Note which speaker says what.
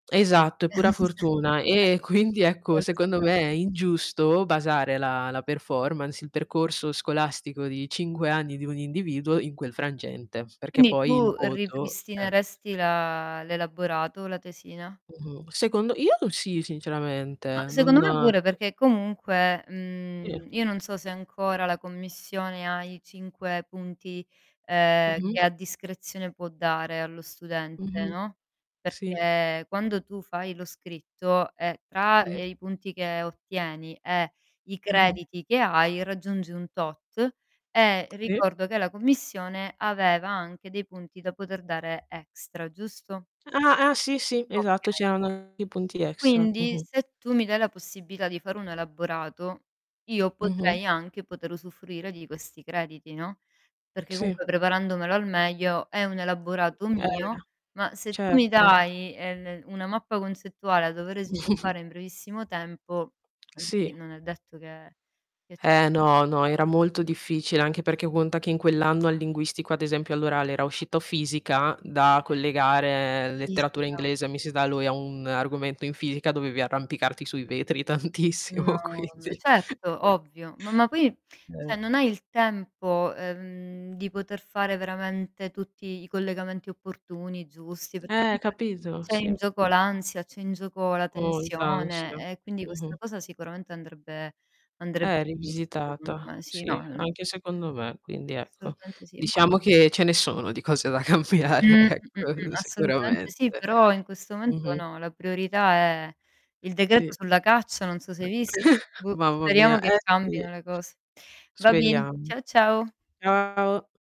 Speaker 1: Esatto, è pura
Speaker 2: E
Speaker 1: fortuna. E quindi,
Speaker 2: Di
Speaker 1: ecco,
Speaker 2: quello si
Speaker 1: secondo
Speaker 2: tra
Speaker 1: me, è ingiusto basare la la performance, il percorso scolastico di 5 anni di un individuo in quel frangente, perché
Speaker 2: Quindi
Speaker 1: poi il
Speaker 2: tu
Speaker 1: voto Eh.
Speaker 2: ripristineresti la l'elaborato, la tesina?
Speaker 1: Mh-mh. Secondo io sì,
Speaker 2: Ma,
Speaker 1: sinceramente. Non
Speaker 2: secondo me pure, perché comunque,
Speaker 1: Sì.
Speaker 2: mhmm, io non so se ancora la commissione ha i 5, punti, uhm, che
Speaker 1: Mh-mh.
Speaker 2: a discrezione può dare allo studente,
Speaker 1: Mh-mh.
Speaker 2: no,
Speaker 1: Sì.
Speaker 2: perché quando tu fai lo scritto, ehm, tra
Speaker 1: Sì.
Speaker 2: i punti che ottieni, e i
Speaker 1: Mh-mh.
Speaker 2: crediti che hai, raggiungi un tot, e
Speaker 1: Sì.
Speaker 2: ricordo che la commissione aveva anche dei punti da poter dare extra, giusto?
Speaker 1: Ah ah. Sì, sì. Esatto,
Speaker 2: Okay.
Speaker 1: c'erano i punti extra.
Speaker 2: Quindi,
Speaker 1: Mh-mh.
Speaker 2: se tu mi dai la possibilità di fare un elaborato, io
Speaker 1: Mh-mh.
Speaker 2: potrei anche poter usufruire di questi crediti, no? Perché,
Speaker 1: Sì.
Speaker 2: comunque, preparandomelo al meglio è un elaborato
Speaker 1: Eh.
Speaker 2: mio, ma se tu mi
Speaker 1: Certo.
Speaker 2: dai una mappa ehm, concettuale da dovere sviluppare in brevissimo tempo, quindi
Speaker 1: Sì.
Speaker 2: è detto che che ce
Speaker 1: Eh,
Speaker 2: la faccio.
Speaker 1: no, no, era molto difficile, anche perché conta che in quell'anno, al linguistico, ad esempio all'orale, era uscito fisica da collegare letteratura
Speaker 2: Fisica.
Speaker 1: inglese [unintelligible] a un argomento in fisica, dovevi arrampicarti sui vetri
Speaker 2: No.
Speaker 1: tantissimo,
Speaker 2: M
Speaker 1: quindi
Speaker 2: certo, ovvio, ma ma poi,
Speaker 1: Eh.
Speaker 2: cioè non hai il tempo, uhm, di poter fare veramente tutti i collegamenti opportuni, giusti, perché
Speaker 1: Eh,
Speaker 2: comunque
Speaker 1: capito,
Speaker 2: c'è
Speaker 1: sì.
Speaker 2: in gioco l'ansia, c'è in gioco la
Speaker 1: Molta ansia.
Speaker 2: tensione e quindi questa
Speaker 1: Mh-mh.
Speaker 2: cosa sicuramente andrebbe
Speaker 1: Eh,
Speaker 2: andrebbe rivista, secondo
Speaker 1: rivisitata.
Speaker 2: me. Sì. No.
Speaker 1: Sì, anche
Speaker 2: [unintelligible]
Speaker 1: secondo me quindi, ecco,
Speaker 2: Assolutamente sì. Ma
Speaker 1: diciamo che ce ne sono di cose da cambiare
Speaker 2: Mh. Mh. Mh. Mh.
Speaker 1: ecco,
Speaker 2: Assolutamente
Speaker 1: sicuramente.
Speaker 2: sì, però in questo momento
Speaker 1: Mh-mh.
Speaker 2: no, la priorità è il decreto
Speaker 1: Sì.
Speaker 2: sulla caccia, non so se hai visto, boh,
Speaker 1: Mamma
Speaker 2: speriamo
Speaker 1: mia,
Speaker 2: che
Speaker 1: eh sì.
Speaker 2: cambino le cose. Va bien.
Speaker 1: Speriamo.
Speaker 2: Ciao, ciao.
Speaker 1: Ciao.